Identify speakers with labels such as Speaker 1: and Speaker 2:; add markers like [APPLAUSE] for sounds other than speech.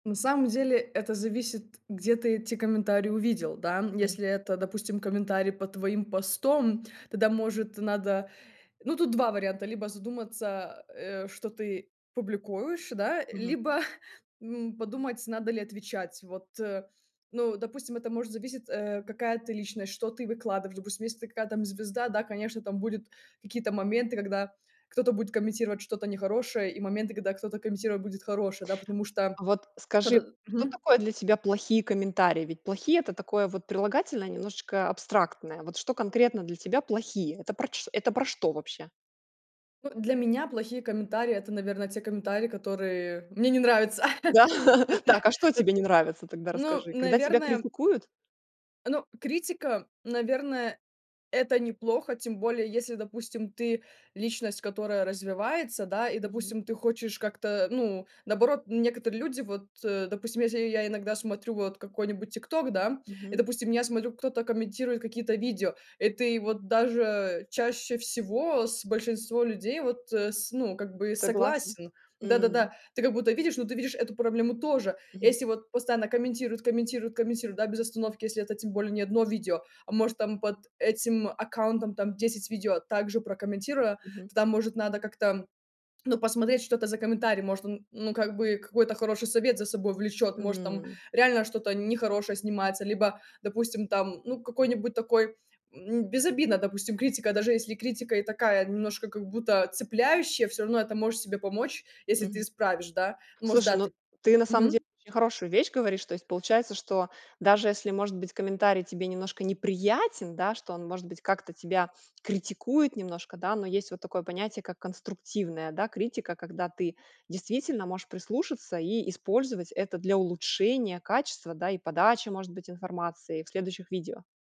Speaker 1: На самом деле, это зависит, где ты эти комментарии увидел да, м,
Speaker 2: М.
Speaker 1: если это, допустим, комментарий под твоим постом, тогда может надо Ну, тут 2 варианта: либо задуматься, а, э, что ты публикуешь, да
Speaker 2: Мгм.
Speaker 1: либо, [CHUCKLES] м, подумать надо ли отвечать вот, э, ну, допустим, это может зависеть, э, какая ты личность, что ты выкладываешь. Допустим, если ты какая там звезда, да, конечно там будет какие-то моменты, когда кто-то будет комментировать что-то нехорошее и моменты, когда кто-то комментировать будет хорошее, да. Потому что
Speaker 2: А вот скажи,
Speaker 1: кто-то
Speaker 2: что
Speaker 1: мгм.
Speaker 2: такое для тебя плохие комментарии? Ведь плохие- это такое вот прилагательное немножечко абстрактное. Вот что конкретно для тебя плохие? Это проч это про что вообще?
Speaker 1: Ну, для меня плохие комментарии- это, наверно, те комментарии, которые мне не нравятся.
Speaker 2: Да.
Speaker 1: [CHUCKLES] Это,
Speaker 2: [CHUCKLES] Так, а что
Speaker 1: эт
Speaker 2: тебе не нравится, тогда
Speaker 1: Ну,
Speaker 2: расскажи? Когда тебя
Speaker 1: наверное.
Speaker 2: критикуют?
Speaker 1: Ну, критика, наверное, это неплохо. Тем более, если, допустим, ты личность, которая развивается, да. И,
Speaker 2: Мгм.
Speaker 1: допустим, ты хочешь как-то, ну, наоборот, некоторые люди, вот, э, допустим, если я иногда смотрю вот какой-нибудь тик-ток, да, и,
Speaker 2: Мгм.
Speaker 1: допустим, я смотрю, кто-то комментирует какие-то видео, и ты вот даже чаще всего с большинством людей вот, э, с ну, как бы
Speaker 2: Согласен?
Speaker 1: согласен, да-да-да.
Speaker 2: М.
Speaker 1: Ты как будто видишь, но ты видишь эту проблему тоже
Speaker 2: Мгм.
Speaker 1: если вот постоянно комментируют комментируют комментируют да без остановки если это тем более не 1 видео, а может там под этим аккаунтом там 10 видео также прокомментируя,
Speaker 2: Мгм.
Speaker 1: тогда может надо как-то, ну, посмотреть что это за комментарий. Может он ну как бы какой-то хороший совет за собой влечет, может там
Speaker 2: М.
Speaker 1: реально что-то нехорошее снимается, либо, допустим, там ну какой-нибудь такой, м, безобидно, допустим, критика, даже если и критика и такая немножко как-будто цепляющая, всё равно это можешь себе помочь, если ты
Speaker 2: Мгм.
Speaker 1: исправишь, да. Может
Speaker 2: Слушай,
Speaker 1: да
Speaker 2: ну,
Speaker 1: ты
Speaker 2: ты на самом деле
Speaker 1: Мгм.
Speaker 2: очень хорошую вещь говоришь. То есть, получается, что даже если может быть комментарий тебе немножко неприятен, да, что он может быть как-то тебя критикует немножко, да, но есть вот такое понятие, как конструктивная, да, критика, когда ты действительно можешь прислушаться и использовать это для улучшения качества, да, и подачи, может быть, информации, в следующих видео.